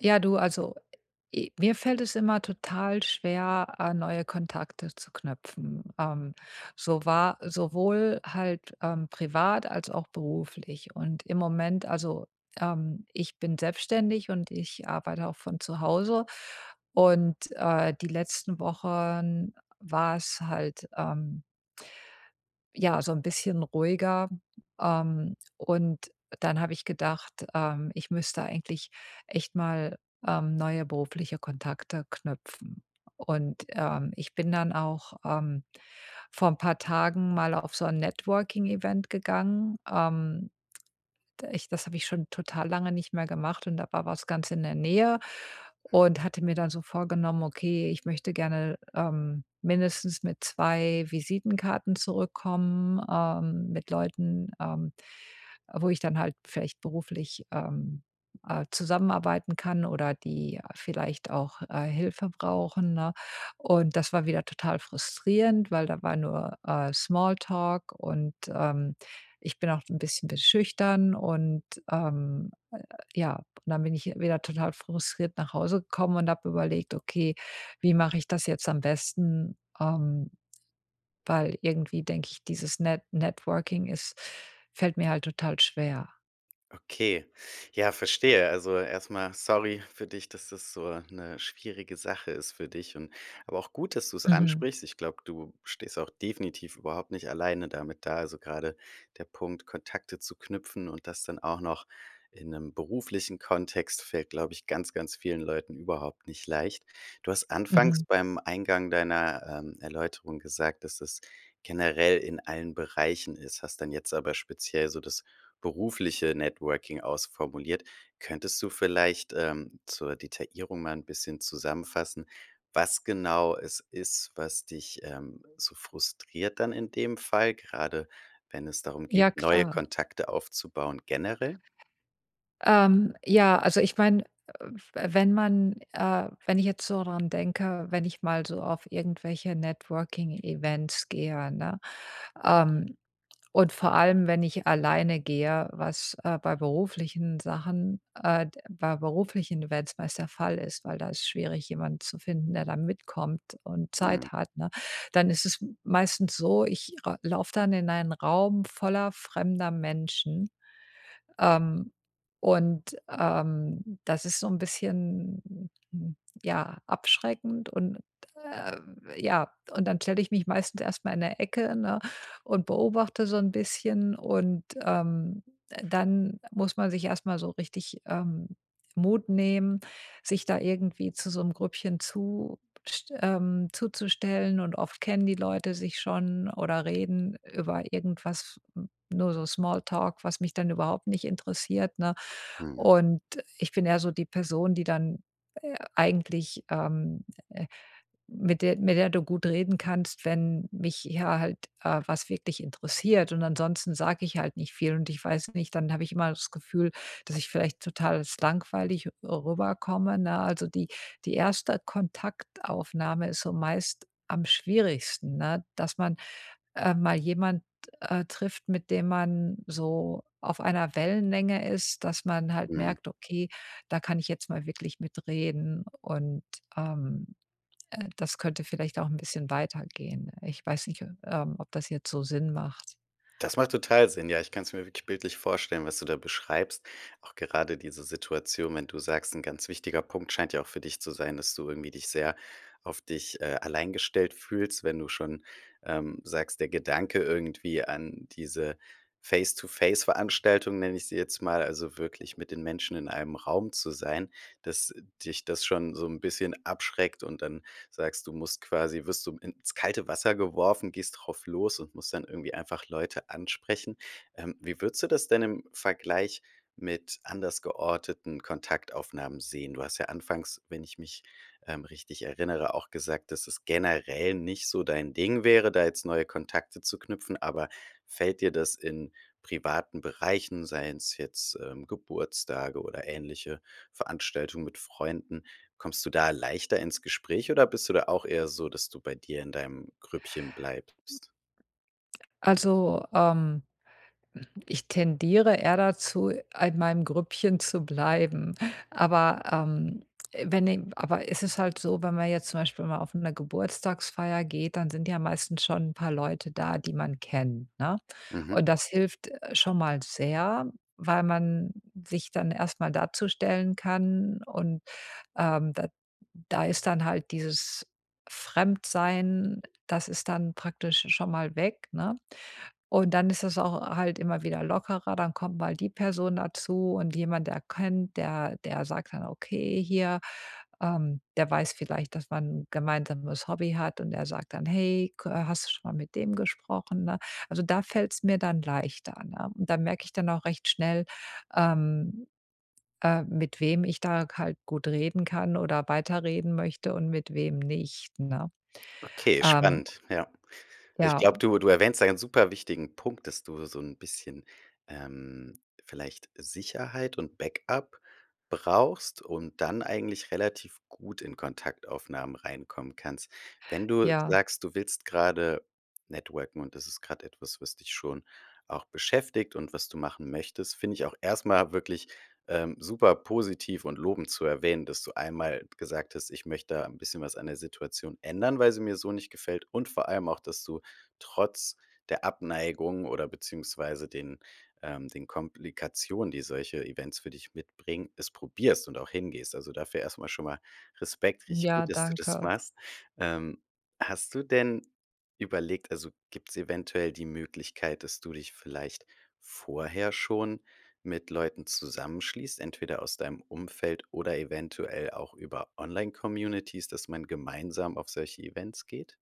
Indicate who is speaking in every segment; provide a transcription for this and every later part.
Speaker 1: Ja, du, also e mir fällt es immer total schwer, äh, neue Kontakte zu knüpfen. Ähm, so war sowohl halt, ähm, privat als auch beruflich und im Moment also, ähm, ich bin selbstständig und ich arbeite auch von zu Hause und, äh, die letzten Wochen war's halt, ähm ja, so 'n bisschen ruhiger. Ähm, und dann habe ich gedacht, ähm, ich müsste eigentlich echt mal, ähm, neue berufliche Kontakte knüpfen. Und, ähm, ich bin dann auch, ähm, vor 'n paar Tagen mal auf so 'n Networking-Event gegangen, ähm. D ich das habe ich schon total lange nicht mehr gemacht und da war was ganz in der Nähe
Speaker 2: Hm.
Speaker 1: und hatte mir dann so vorgenommen: „Okay, ich möchte gerne, ähm, mindestens mit 2 Visitenkarten zurückkommen, ähm, mit Leuten, ähm, wo ich dann halt vielleicht beruflich, ähm, äh, zusammenarbeiten kann oder die vielleicht auch, äh, Hilfe brauchen“, ne? Und das war wieder total frustrierend, weil da war nur, äh, Smalltalk und, ähm, ich bin auch 'n bisschen be schüchtern. Und, äh äh, ja, und dann bin ich wieder total frustriert nach Hause gekommen und habe überlegt: „Okay, wie mache ich das jetzt am besten?“ Ähm, weil irgendwie, denke ich, dieses Net Networking ist fällt mir halt total schwer.
Speaker 2: Okay, ja, verstehe. Also, erst mal sorry für dich, dass das so 'ne schwierige Sache ist für dich und aber auch gut, dass du es
Speaker 1: Mhm.
Speaker 2: ansprichst. Ich glaube, du stehst auch definitiv überhaupt nicht alleine damit da. Also, gerade der Punkt, Kontakte zu knüpfen und das dann auch noch in 'nem beruflichen Kontext, fällt, glaube ich, ganz, ganz vielen Leuten überhaupt nicht leicht. Du hast anfangs
Speaker 1: Mhm.
Speaker 2: beim Eingang deiner, ähm, Erläuterung gesagt, dass das generell in allen Bereichen ist, hast dann jetzt aber speziell so das berufliche Networking ausformuliert. Könntest du vielleicht, ähm, zur Detaillierung mal 'n bisschen zusammenfassen, was genau es ist, was dich, ähm, so frustriert dann in dem Fall, gerade wenn es darum geht,
Speaker 1: Ja,
Speaker 2: neue
Speaker 1: klar.
Speaker 2: Kontakte aufzubauen generell?
Speaker 1: Ähm, ja, also ich meine, äh, f wenn man, äh wenn ich jetzt so dran denke, wenn ich mal so auf irgendwelche Networking-Events gehe, ne, ähm, und vor allem, wenn ich alleine gehe, was, äh, bei beruflichen Sachen, äh, d bei beruflichen Events meist der Fall ist, weil da ist schwierig, jemanden zu finden, der dann mitkommt und
Speaker 2: Mhm.
Speaker 1: Zeit hat, ne? Dann ist es m meistens so, ich ra laufe dann in einen Raum voller fremder Menschen, ähm, und, ähm, das ist so 'n bisschen, n ja, abschreckend und, ähm, ja. Und dann stelle ich mich meistens erst mal in 'ne Ecke, ne, und beobachte so 'n bisschen und, ähm, d dann muss man sich erst mal so richtig, ähm, Mut nehmen, sich da irgendwie zu so 'nem Grüppchen zust ähm, zuzustellen und oft kennen die Leute sich schon oder reden über irgendwas nur so Smalltalk, was mich dann überhaupt nicht interessiert, ne?
Speaker 2: Mhm.
Speaker 1: Und ich bin eher so die Person, die dann, äh, eigentlich, ähm äh, mit der mit der du gut reden kannst, wenn mich ja halt, äh, was wirklich interessiert. Und ansonsten sage ich halt nicht viel und ich weiß nicht dann habe ich immer das Gefühl, dass ich vielleicht total als langweilig rüberkomme, ne? Also, die die 1 Kontaktaufnahme ist so meist am schwierigsten, ne, dass man, äh, mal jemand, äh, trifft, mit dem man so auf einer Wellenlänge ist, dass man halt
Speaker 2: Mhm.
Speaker 1: merkt: „Okay, da kann ich jetzt mal wirklich mitreden und, ähm, äh, das könnte vielleicht auch 'n bisschen weitergehen.“ Ich weiß nicht ob ähm, ob das jetzt so Sinn macht.
Speaker 2: Das macht total Sinn, ja. Ich kann's mir wirklich bildlich vorstellen, was du da beschreibst. Auch gerade diese Situation, wenn du sagst, 'n ganz wichtiger Punkt, scheint ja auch für zu sein, dass du irgendwie dich sehr auf dich, äh, allein gestellt fühlst, wenn du schon, ähm, sagst, der Gedanke irgendwie an diese Face-to-Face-Veranstaltung nenne ich sie jetzt mal, also wirklich mit den Menschen in einem Raum zu sein dass dich das schon so 'n bisschen abschreckt und dann sagst du musst quasi wirst du ins kalte Wasser geworfen, gehst drauf los und musst dann irgendwie einfach Leute ansprechen. Ähm, wie würdest du das denn im Vergleich mit anders georteten Kontaktaufnahmen sehen? Du hast ja anfangs, wenn ich mich, ähm, richtig erinnere, auch gesagt, dass es generell nicht so dein Ding wäre, da jetzt neue Kontakte zu knüpfen, aber fällt dir das in privaten Bereichen, seien's jetzt, ähm, Geburtstage oder ähnliche Veranstaltungen mit Freunden kommst du da leichter ins Gespräch oder bist du da auch eher so, dass du bei dir in deinem Grüppchen bleibst?
Speaker 1: Also, ähm, ich tendiere eher dazu, in meinem Grüppchen zu bleiben. Aber, ähm, wenn em aber es ist halt so, wenn man jetzt zum Beispiel mal auf 'ner Geburtstagsfeier geht, dann sind ja meistens schon 'n paar Leute da, die man kennt, ne?
Speaker 2: Mhm.
Speaker 1: Und das hilft schon mal sehr, weil man sich dann erst mal dazustellen kann und, ähm, da da ist dann halt dieses Fremdsein, das ist dann praktisch schon mal weg, ne. Und dann ist das auch halt immer wieder lockerer, dann kommt mal die Person dazu und jemand erkennt der der sagt dann, okay, hier, ähm der weiß vielleicht, dass man 'n gemeinsames Hobby hat und er sagt dann: „Hey, kö hast du schon mal mit dem gesprochen“, ne? Also, da fällt's mir dann leichter, ne? Und dann merke ich dann auch recht schnell, ähm äh, mit wem ich da halt gut reden kann oder weiterreden möchte und mit wem nicht, ne?
Speaker 2: Okay,
Speaker 1: Ähm
Speaker 2: spannend, ja. Ich
Speaker 1: Ja,
Speaker 2: glaube,
Speaker 1: äh.
Speaker 2: du du erwähnst da einen super wichtigen Punkt, dass du so 'n bisschen, ähm, vielleicht Sicherheit und Back-up brauchst und dann eigentlich relativ gut in Kontaktaufnahmen reinkommen kannst. Wenn du
Speaker 1: Ja.
Speaker 2: sagst, du willst gerade networken und das ist grad etwas, was dich schon auch beschäftigt und was du machen möchtest, finde ich auch erst mal wirklich, ähm, super positiv und lobend zu erwähnen, dass du einmal gesagt hast, ich möchte da 'n bisschen was an der Situation ändern, weil sie mir so nicht gefällt und vor allem auch, dass du trotz der Abneigung oder beziehungsweise den ähm, den Komplikationen, die solche Events für dich mitbringen, es probierst und auch hingehst. Also, dafür erst mal schon mal Respekt, richtig
Speaker 1: Ja,
Speaker 2: gut, dass du das
Speaker 1: danke.
Speaker 2: machst. Ähm, hast du denn überlegt also gibt's eventuell die Möglichkeit, dass du dich vielleicht vorher schon mit Leuten zusammenschließt, entweder aus deinem Umfeld oder eventuell auch über Online-Communities, dass man gemeinsam auf solche Events geht?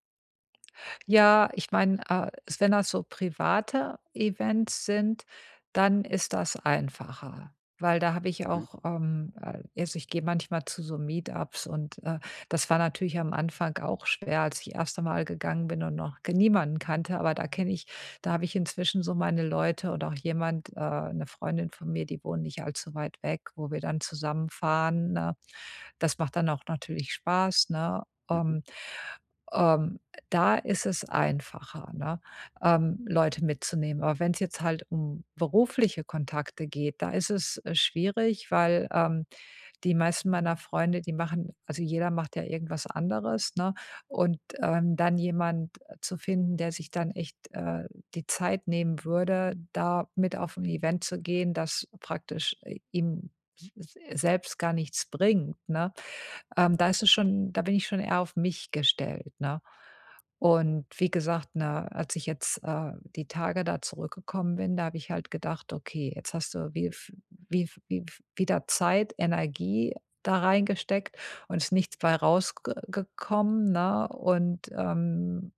Speaker 1: Ja, ich meine, äh, s wenn das so private Events sind, dann ist das einfacher. Weil da habe ich
Speaker 2: Mhm.
Speaker 1: auch, ähm, äh also ich gehe manchmal zu so Meet-ups und, äh, das war natürlich am Anfang auch schwer, als ich erste Mal gegangen bin und noch ge niemanden kannte, aber da kenne ich da habe ich inzwischen so meine Leute und auch jemand äh, 'ne Freundin von mir, die wohnt nicht allzu weit weg, wo wir dann zusammen fahren, ne? Das macht dann auch natürlich Spaß, ne?
Speaker 2: Mhm.
Speaker 1: Ähm ähm, da ist es einfacher, ne, ähm, Leute mitzunehmen. Aber wenn's jetzt halt um berufliche Kontakte geht, da ist es, äh, schwierig, weil, ähm, die meisten meiner Freunde, die machen also jeder macht ja irgendwas anderes, ne? Und, ähm, dann jemand zu finden, der sich dann echt, äh, die Zeit nehmen würde, da mit auf 'n Event zu gehen, das praktisch i ihm s s selbst gar nichts bringt, ne? Ähm, da ist es schon da bin ich schon eher auf mich gestellt, ne? Und wie gesagt, ne, als ich jetzt, äh, die Tage da zurückgekommen bin, da habe ich halt gedacht: „Okay, jetzt hast du wie v wie v wie v wieder Zeit, Energie da reingesteckt und es ist nichts bei rausge ge gekommen, ne? Und, ähm,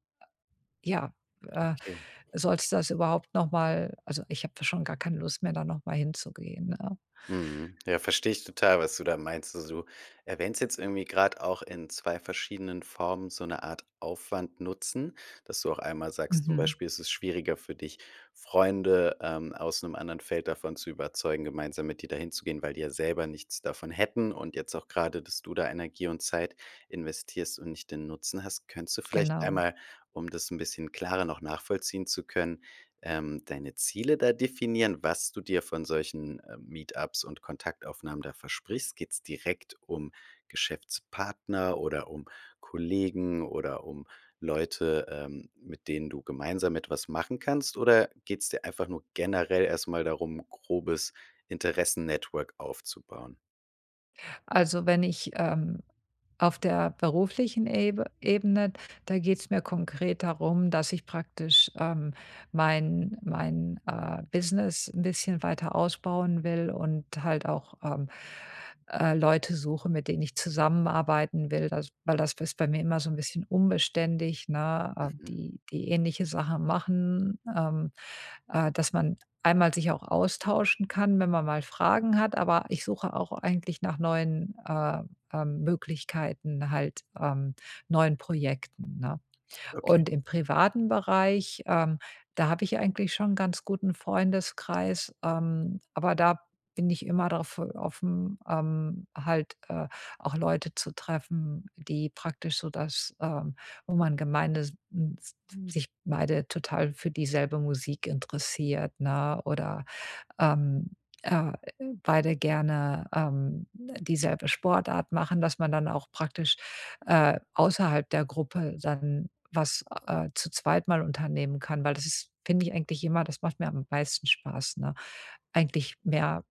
Speaker 1: ja, äh,
Speaker 2: Okay.
Speaker 1: solltest das überhaupt noch mal“ Also, ich habe da schon gar keine Lust mehr, da noch mal hinzugehen, ne?
Speaker 2: Mhm. Ja, verstehe ich total, was du da meinst. Also, du erwähnst jetzt irgendwie grad auch in 2 verschiedenen Formen so 'ne Art Aufwand-Nutzen, dass du auch einmal sagst, zum
Speaker 1: Mhm.
Speaker 2: Beispiel ist es schwieriger für dich, Freunde, ähm, aus 'nem anderen Feld davon zu überzeugen, gemeinsam mit dir da hinzugehen, weil die ja selber nichts davon hätten und jetzt auch grade, dass du da Energie und Zeit investierst und nicht den Nutzen hast, könntest du vielleicht
Speaker 1: Genau.
Speaker 2: einmal, um das 'n bisschen klarer noch nachvollziehen zu können, ähm, deine Ziele da definieren, was du dir von solchen, äh, Meet-ups und Kontaktaufnahmen da versprichst. Geht's direkt um Geschäftspartner oder um Kollegen oder um Leute, ähm, mit denen du gemeinsam etwas machen kannst? Oder geht's dir einfach nur generell erst mal darum, 'n grobes Interessen-Network aufzubauen?
Speaker 1: Also, wenn ich, ähm auf der beruflichen Ebe Ebene, da geht's mir konkret darum, dass ich praktisch, ähm, mein mein, äh, Business 'n bisschen weiter ausbauen will und halt auch, ähm, äh, Leute suche, mit denen ich zusammenarbeiten will. Also, weil das ist bei mir immer so 'n bisschen unbeständig, ne? Äh,
Speaker 2: Mhm.
Speaker 1: die die ähnliche Sachen machen, ähm, äh, dass man einmal sich auch austauschen kann, wenn man mal Fragen hat, aber ich suche auch eigentlich nach neuen, äh, ähm, Möglichkeiten halt, ähm, neuen Projekten, ne?
Speaker 2: Okay.
Speaker 1: Und im privaten Bereich, ähm, da habe ich eigentlich schon 'n ganz guten Freundeskreis, ähm, aber da bin ich immer drauf offen, ähm, halt, äh, auch Leute zu treffen, die praktisch so das, ähm wo man gemeine s n s s sich beide total für dieselbe Musik interessiert, ne oder, ähm, äh, beide gerne, ähm, dieselbe Sportart machen, dass man dann auch praktisch, äh, außerhalb der Gruppe dann was, äh, zu zweit mal unternehmen kann. Weil das ist finde ich, eigentlich immer das macht mir am meisten Spaß, ne? Eigentlich mehr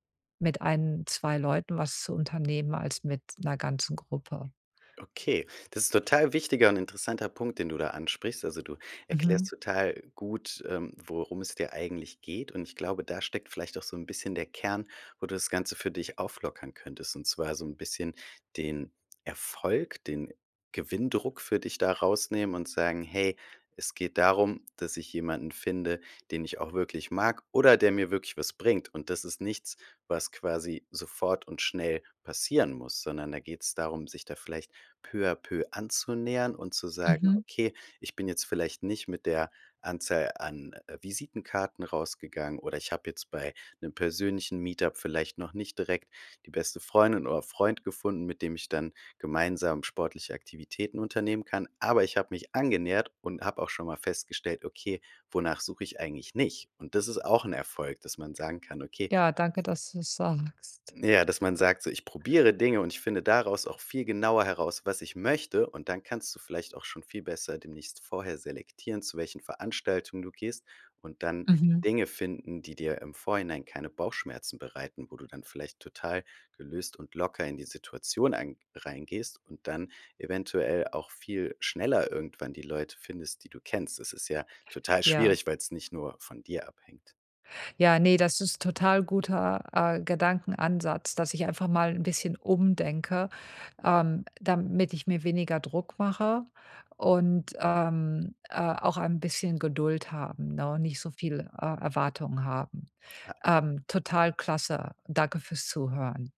Speaker 1: mit 1, 2 Leuten was zu unternehmen als mit 'ner ganzen Gruppe.
Speaker 2: Okay, das ist total wichtiger und interessanter Punkt, den du da ansprichst. Also, du erklärst
Speaker 1: Mhm.
Speaker 2: total gut, ähm, worum es dir eigentlich geht. Und ich glaube, da steckt vielleicht auch so 'n bisschen der Kern, wo du das Ganze für dich auflockern könntest, und zwar so 'n bisschen den Erfolg, den Gewinndruck für dich da rausnehmen und sagen: „Hey, es geht darum, dass ich jemanden finde, den ich auch wirklich mag oder der mir wirklich was bringt.“ Und das ist nichts, was quasi sofort und schnell passieren muss, sondern da geht's darum, sich da vielleicht peu à peu anzunähern und zu sagen:
Speaker 1: Mhm.
Speaker 2: „Okay, ich bin jetzt vielleicht nicht mit der Anzahl an, äh, Visitenkarten rausgegangen oder ich habe jetzt bei 'nem persönlichen Meet-up vielleicht noch nicht direkt die beste Freundin oder Freund gefunden, mit dem ich dann gemeinsam sportliche Aktivitäten unternehmen kann. Aber ich habe mich angenähert und habe auch schon mal festgestellt: „Okay, wonach suche ich eigentlich nicht?“ Und das ist auch 'n Erfolg, dass man sagen kann: „Okay"
Speaker 1: Ja, danke, dass du's sagst.
Speaker 2: Ja, dass man sagt, so: „Ich probiere Dinge und ich finde daraus auch viel genauer heraus, was ich möchte.“ Und dann kannst du vielleicht auch schon viel besser demnächst vorher selektieren, zu welchen Veranstaltungen du gehst und dann
Speaker 1: Mhm.
Speaker 2: Dinge finden, die dir im Vorhinein keine Bauchschmerzen bereiten, wo du dann vielleicht total gelöst und locker in die Situation ein reingehst und dann eventuell auch viel schneller irgendwann die Leute findest, die du kennst. Es ist ja total
Speaker 1: Ja.
Speaker 2: schwierig, weil's nicht nur von dir abhängt.
Speaker 1: Ja, ne, das ist total guter, äh, Gedankenansatz, dass ich einfach mal 'n bisschen umdenke, ähm, damit ich mir weniger Druck mache und, ähm, äh, auch ein bisschen Geduld haben, ne, nicht so viel, äh, Erwartungen haben.
Speaker 2: Ja.
Speaker 1: Ähm, total klasse. Danke für's Zuhören.